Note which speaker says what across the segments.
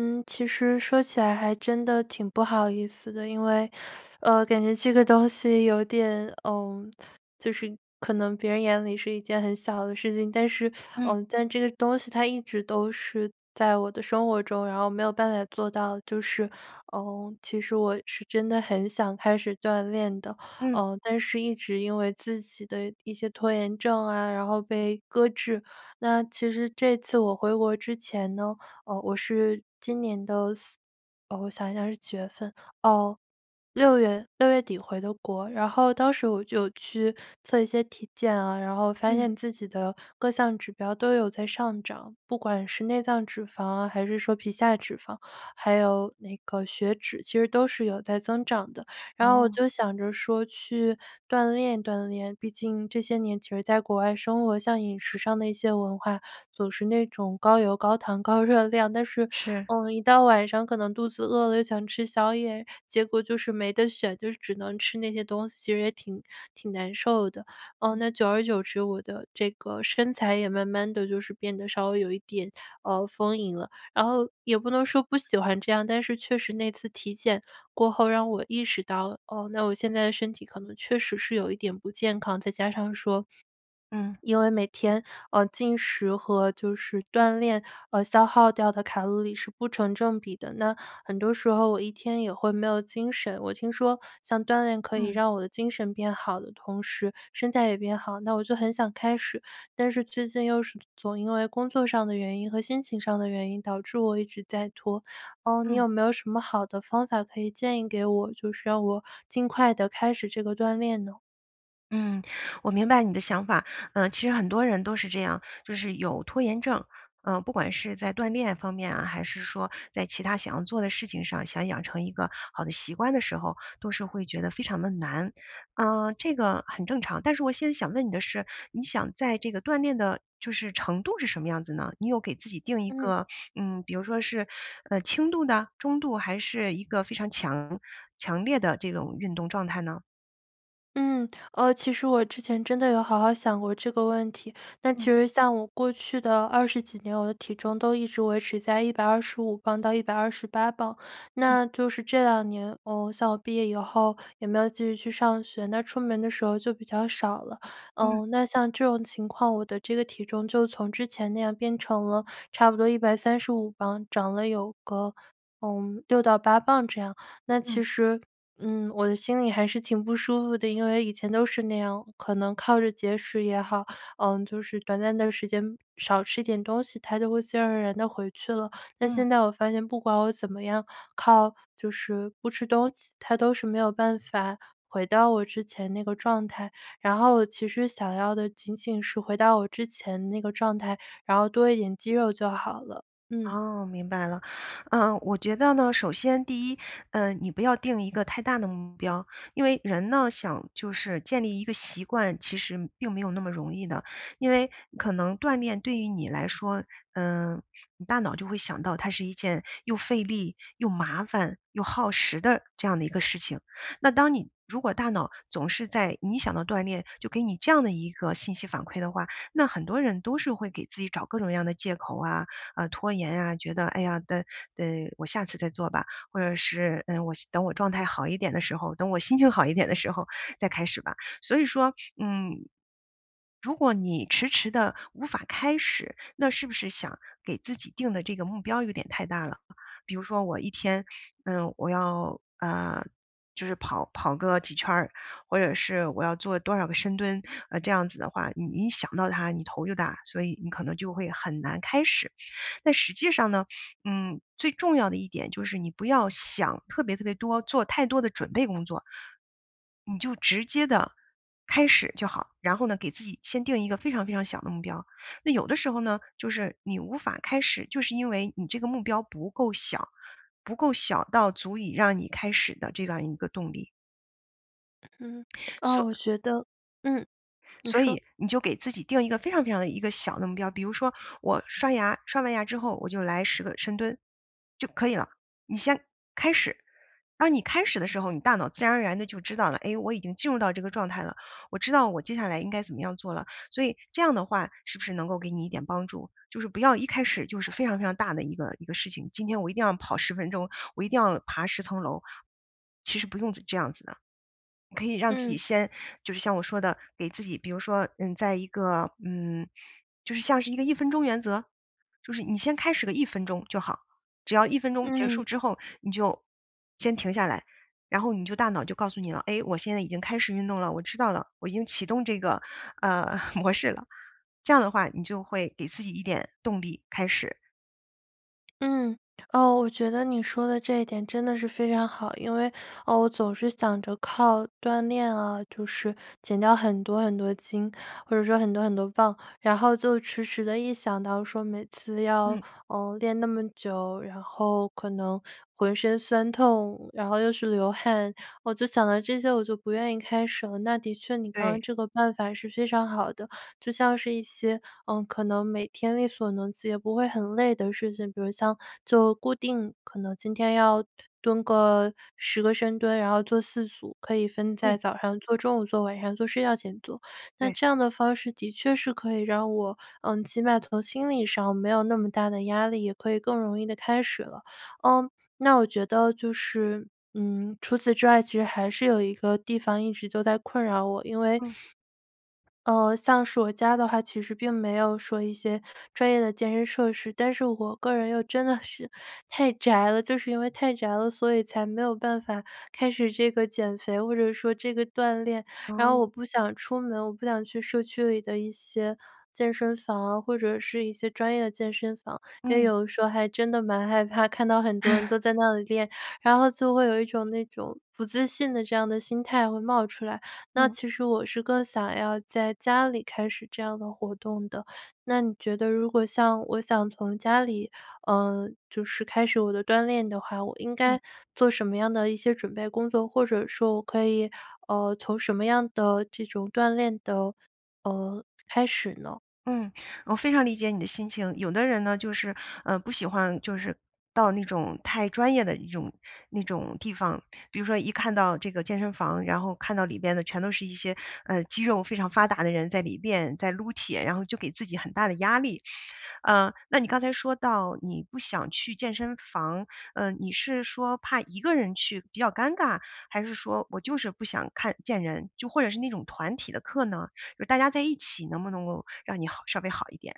Speaker 1: 嗯，其实说起来还真的挺不好意思的，因为，呃，感觉这个东西有点嗯，就是可能别人眼里是一件很小的事情，但是
Speaker 2: 嗯。
Speaker 1: 嗯，但这个东西它一直都是在我的生活中，然后没有办法做到的，就是，呃，其实我是真的很想开始锻炼的。
Speaker 2: 嗯。
Speaker 1: 呃，但是一直因为自己的一些拖延症啊，然后被搁置。那其实这次我回国之前呢，呃，我是今年的4呃，我想一下是几月份哦，6月6月底回的国，然后当时我就去测一些体检啊，然后发
Speaker 2: 嗯。
Speaker 1: 现自己的各项指标都有在上涨，不管是内脏脂肪啊，还是说皮下脂肪，还有那个血脂，其实都是有在增长的。然后我
Speaker 2: 哦。
Speaker 1: 就想着说去锻炼锻炼，毕竟这些年其实在国外生活，像饮食上的一些文化，总是那种高油高糖高热量。但是，
Speaker 2: 是。
Speaker 1: 呃，一到晚上可能肚子饿了又想吃宵夜，结果就是没得选，就是只能吃那些东西，其实也挺挺难受的。呃，
Speaker 2: 嗯。
Speaker 1: 那久而久之，我的这个身材也慢慢地就是变得稍微有一点，呃，丰盈了。然后也不能说不喜欢这样，但是确实那次体检过后让我意识到，哦，那我现在的身体可能确实是有一点不健康。再加上说
Speaker 2: 嗯。
Speaker 1: 因为每天，呃，进食和就是锻炼，呃，消耗掉的卡路里是不成正比的，那很多时候我一天也会没有精神。我听说像锻炼可以
Speaker 2: 嗯。
Speaker 1: 让我的精神变好的同时身材也变好，那我就很想开始。但是最近又是总因为工作上的原因和心情上的原因导致我一直在拖，呃，你
Speaker 2: 嗯。
Speaker 1: 有没有什么好的方法可以建议给我，就是让我尽快地开始这个锻炼呢？
Speaker 2: 嗯，我明白你的想法。呃，其实很多人都是这样，就是有拖延症。呃，不管是在锻炼方面啊，还是说在其它想要做的事情上，想养成一个好的习惯的时候，都是会觉得非常地难。呃，这个很正常，但是我现在想问你的是，你想在这个锻炼的就是程度是什么样子呢？你有给自己定一
Speaker 1: 嗯。
Speaker 2: 个，嗯，比如说是，呃，轻度的，中度，还是一个非常强强烈的这种运动状态呢？
Speaker 1: 嗯，呃，其实我之前真的有好好想过这个问题，但其
Speaker 2: 嗯。
Speaker 1: 实像我过去的20几年，我的体重都一直维持在125磅到128磅。
Speaker 2: 嗯。
Speaker 1: 那就是这2年，呃，像我毕业以后也没有继续去上学，那出门的时候就比较少了。
Speaker 2: 嗯。
Speaker 1: 呃，那像这种情况我的这个体重就从之前那样变成了差不多135磅，长了有个，呃，6到8磅这样。那其
Speaker 2: 嗯。
Speaker 1: 实，嗯，我的心里还是挺不舒服的，因为以前都是那样，可能靠着节食也好，呃，就是短暂的时间少吃一点东西，它就会自然而然地回去了。但
Speaker 2: 嗯。
Speaker 1: 现在我发现不管我怎么样靠，就是不吃东西，它都是没有办法回到我之前那个状态。然后我其实想要的仅仅是回到我之前那个状态，然后多一点肌肉就好了。嗯。
Speaker 2: 哦，明白了。呃，我觉得呢，首先第一，呃，你不要定一个太大的目标。因为人呢，想就是建立一个习惯，其实并没有那么容易的。因为可能锻炼对于你来说，嗯，你大脑就会想到它是一件又费力、又麻烦、又耗时的这样的一个事情。那当你如果大脑总是在你一想到锻炼，就给你这样的一个信息反馈的话，那很多人都是会给自己找各种各样的借口啊，啊，拖延啊，觉得哎呀等等我下次再做吧。或者是，嗯，我希等我状态好一点的时候，等我心情好一点的时候再开始吧。所以说，嗯，如果你迟迟地无法开始，那是不是想给自己定的这个目标有点太大了。比如说我一天，呃，我要呃，就是跑跑个几圈儿，或者是我要做多少个深蹲，啊，这样子的话，你一想到它你头就大，所以你可能就会很难开始。但实际上呢，嗯，最重要的一点就是你不要想特别特别多做太多的准备工作。你就直接地开始就好，然后呢，给自己先定一个非常非常小的目标。那有的时候呢，就是你无法开始，就是因为你这个目标不够小，不够小到足以让你开始的这样一个动力。
Speaker 1: 嗯，啊，
Speaker 2: 所
Speaker 1: 我觉得嗯，你
Speaker 2: 所
Speaker 1: 说。
Speaker 2: 以你就给自己定一个，非常非常地一个小的目标，比如说我刷牙，刷完牙之后，我就来10个深蹲，就可以了。你先开始，当你开始的时候，你大脑自然而然地就知道了：“哎，我已经进入到这个状态了，我知道我接下来应该怎么样做了。”所以，这样的话，是不是能够给你一点帮助？就是不要一开始就是非常非常大的一个一个事情。今天我一定要跑10分钟，我一定要爬10层楼，其实不用这这样子的。你可以让自己
Speaker 1: 嗯。
Speaker 2: 先就是像我说的给自己比如说，嗯，在一个嗯，就是像是一个1分钟原则，就是你先开始个1分钟就好。只要1分钟结束
Speaker 1: 嗯。
Speaker 2: 之后，你就先停下来，然后你就大脑就告诉你了：“哎，我现在已经开始运动了，我知道了，我已经启动这个，呃，模式了。”这样的话，你就会给自己一点动力开始。
Speaker 1: 嗯，哦，我觉得你说的这一点，真的是非常好。因为，我总是想着，靠锻炼啊就是减掉很多很多斤，或者说很多很多磅。然后就迟迟地一想到说，每次要，
Speaker 2: 嗯。
Speaker 1: 呃，练那么久，然后可能浑身酸痛，然后又是流汗，我就想到这些，我就不愿意开始了。那的确，你刚
Speaker 2: 对。
Speaker 1: 刚这个办法是非常好的。就像是一些，呃，可能每天力所能及也不会很累的事情，比如像就固定可能今天要蹲个10个深蹲，然后做4组，可以分在
Speaker 2: 嗯。
Speaker 1: 早上做、中午做、晚上做、睡觉前做。那
Speaker 2: 对。
Speaker 1: 这样的方式的确是可以让我，呃，起码从心理上没有那么大的压力，也可以更容易地开始了。呃，那我觉得就是，嗯，除此之外，其实还是有一个地方一直都在困扰我。因为，
Speaker 2: 嗯。
Speaker 1: 呃，像是我家的话，其实并没有说一些专业的健身设施，但是我个人又真的是太宅了。就是因为太宅了，所以才没有办法开始这个减肥，或者说这个锻炼。然后
Speaker 2: 嗯。
Speaker 1: 我不想出门，我不想去社区里的一些，健身房啊，或者是一些专业的健身房。因为
Speaker 2: 嗯。
Speaker 1: 有的时候还真的蛮害怕，看到很多人都 在那里练，然后就会有一种那种不自信的这样的心态会冒出来。那
Speaker 2: 嗯。
Speaker 1: 其实我是更想要在家里开始这样的活动的。那你觉得，如果像我想从家里，呃，就是开始我的锻炼的话，我应
Speaker 2: 嗯。
Speaker 1: 该做什么样的一些准备工作，或者说我可以，呃，从什么样的这种锻炼的，呃开始呢？
Speaker 2: 嗯，我非常理解你的心情。有的人呢，就是，呃，不喜欢就是到那种太专业的一种那种地方。比如说一看到这个健身房然后看到里边的全都是一些，呃，肌肉非常发达的人，在里边在撸铁，然后就给自己很大的压力。嗯，那你刚才说到，你不想去健身房，嗯，你是说怕一个人去比较尴尬，还是说，我就是不想看见人，就或者是那种团体的课呢？就是大家在一起能不能够让你好稍微好一点？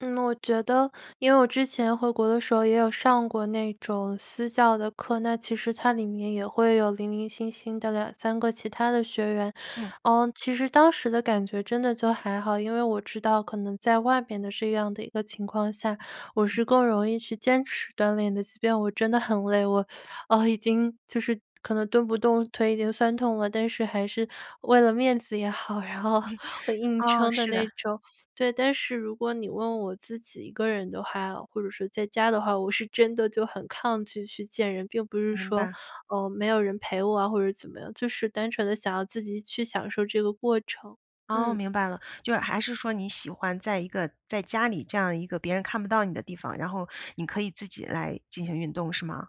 Speaker 1: 嗯，我觉得因为我之前回国的时候也有上过那种私教的课，那其实它里面也会有零零星星的2-3个其他的学员。
Speaker 2: 嗯。
Speaker 1: 呃，其实当时的感觉真的就还好，因为我知道可能在外边的这样的一个情况下，我
Speaker 2: 嗯。
Speaker 1: 是更容易去坚持锻炼的。即便我真得很累，我，呃，已经就是可能蹲不动，腿已经酸痛了，但是还是，为了面子也好，然后，我硬
Speaker 2: 哦，
Speaker 1: 撑的
Speaker 2: 是的。
Speaker 1: 那种。对，但是如果你问我自己一个人的话，或者是在家的话，我是真得就很抗拒去见人，并不是
Speaker 2: 明
Speaker 1: 说，
Speaker 2: 白。
Speaker 1: 呃，没有人陪我啊，或者怎么样，就是单纯地想要自己去享受这个过程。
Speaker 2: 噢，
Speaker 1: 嗯。
Speaker 2: 明白了。就是还是说你喜欢在一个在家里这样一个别人看不到你的地方，然后你可以自己来进行运动是吗？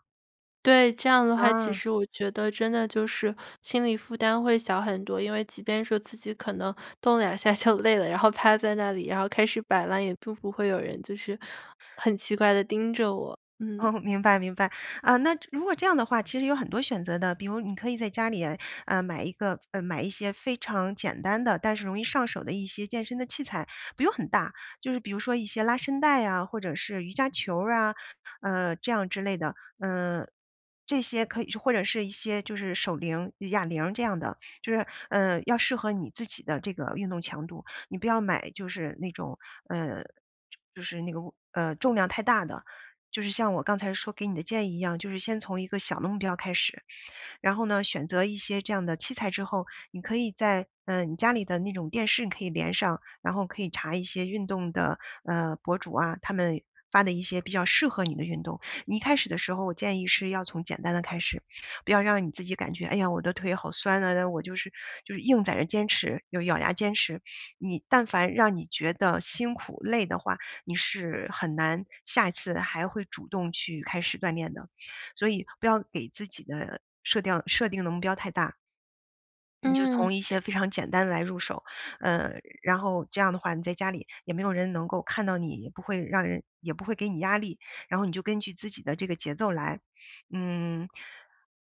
Speaker 1: 对，这样的话，其
Speaker 2: 啊。
Speaker 1: 实我觉得真的就是，心理负担会小很多。因为即便说，自己可能动了2下就累了，然后趴在那里，然后开始摆烂，也并不会有人，就是很奇怪地盯着我，嗯。
Speaker 2: 哦，明白明白。啊，那如果这样的话，其实有很多选择的，比如你可以在家里哎，呃，买一个买一些非常简单的，但是容易上手的一些健身的器材。不用很大，就是比如说，一些拉伸带呀，或者是瑜伽球啊，呃，这样之类的。嗯，这些可以是或者是一些就是手铃、哑铃这样的。就是，呃，要适合你自己的这个运动强度。你不要买就是那种，呃，就就是那个，物呃，重量太大的。就是像我刚才说给你的建议一样，就是先从一个小的目标开始。然后呢，选择一些这样的器材之后，你可以在呃，你家里的那种电视你可以连上，然后可以查一些运动的，呃，博主啊，他们发的一些比较适合你的运动。你一开始的时候，我建议是要从简单的开始，不要让你自己感觉：“哎呀，我的腿好酸啊，那我就是”就是硬在这坚持又咬牙坚持。你但凡让你觉得辛苦、累的话，你是很难，下一次还会主动去开始锻炼的。所以不要给自己的设定设定的目标太大你就
Speaker 1: 嗯。
Speaker 2: 从一些非常简单的来入手。呃，然后这样的话，你在家里，也没有人能够看到你，也不会让人也不会给你压力。然后你就根据自己的这个节奏来。嗯，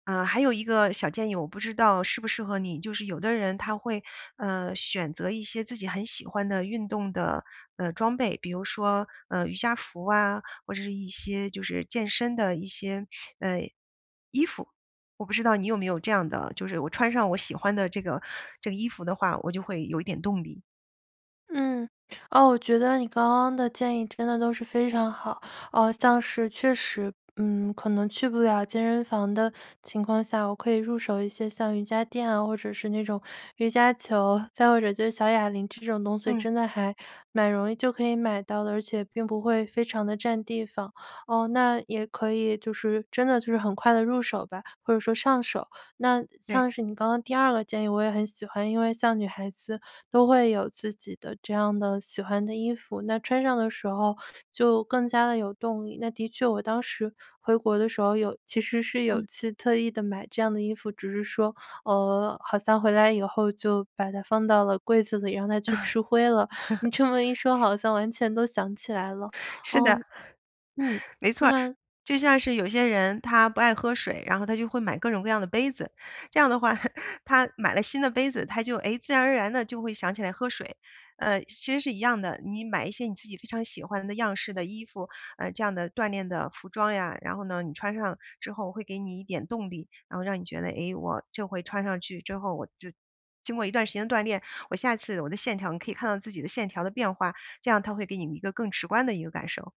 Speaker 2: 呃，还有一个小建议，我不知道适不适合你就是有的人他会，呃，选择一些自己很喜欢的运动的，呃，装备。比如说，呃，瑜伽服啊，或者是一些就是健身的一些，呃，衣服。我不知道你有没有这样的就是我穿上我喜欢的这个这个衣服的话，我就会有一点动力。
Speaker 1: 嗯，哦，我觉得你刚刚的建议，真的都是非常好。啊，像是确实嗯，可能去不了健身房的情况下，我可以入手一些像瑜伽垫啊，或者是那种瑜伽球，再或者就是小哑铃这种东西，
Speaker 2: 嗯。
Speaker 1: 真的还蛮容易就可以买到的，而且并不会非常地占地方。哦，那也可以就是真的就是很快地入手吧，或者说上手。那
Speaker 2: 对。
Speaker 1: 像是你刚刚第二个建议，我也很喜欢，因为像女孩子，都会有自己的这样的喜欢的衣服，那穿上的时候就更加地有动力，那的确我当时回国的时候，有其实是有
Speaker 2: 嗯。
Speaker 1: 去特意地买这样的衣服，只是说，呃，好像回来以后就把它放到了柜子里，让它去吃灰了。你这么一说好 像完全都想起来了，
Speaker 2: 是
Speaker 1: 哦，
Speaker 2: 的，
Speaker 1: 嗯，
Speaker 2: 没错儿。
Speaker 1: 那
Speaker 2: 就像是有些人他不爱喝水，然后他就会买各种各样的杯子，这样的话，他买了新的杯子，他就，哎，自然而然地就会想起来喝水，呃，其实是一样的。你买一些你自己非常喜欢的样式的衣服，呃，这样的锻炼的服装呀，然后呢，你穿上之后会给你一点动力。然后让你觉得：“哎，我就会穿上去之后，我就经过一段时间的锻炼，我下次，我的线条”你可以看到自己的线条的变化，这样它会给你一个更直观的一个感受。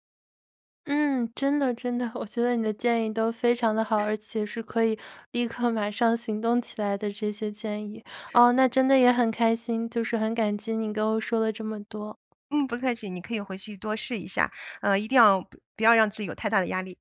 Speaker 1: 嗯，真的真的。我觉得你的建议都非常地好，而 且是可以立刻马上行动起来的这些建议，哦，那真的也很开心，就是很感激你给我说了这么多。
Speaker 2: 嗯，不客气。你可以回去多试一下，呃，一定要不不要让自己有太大的压力。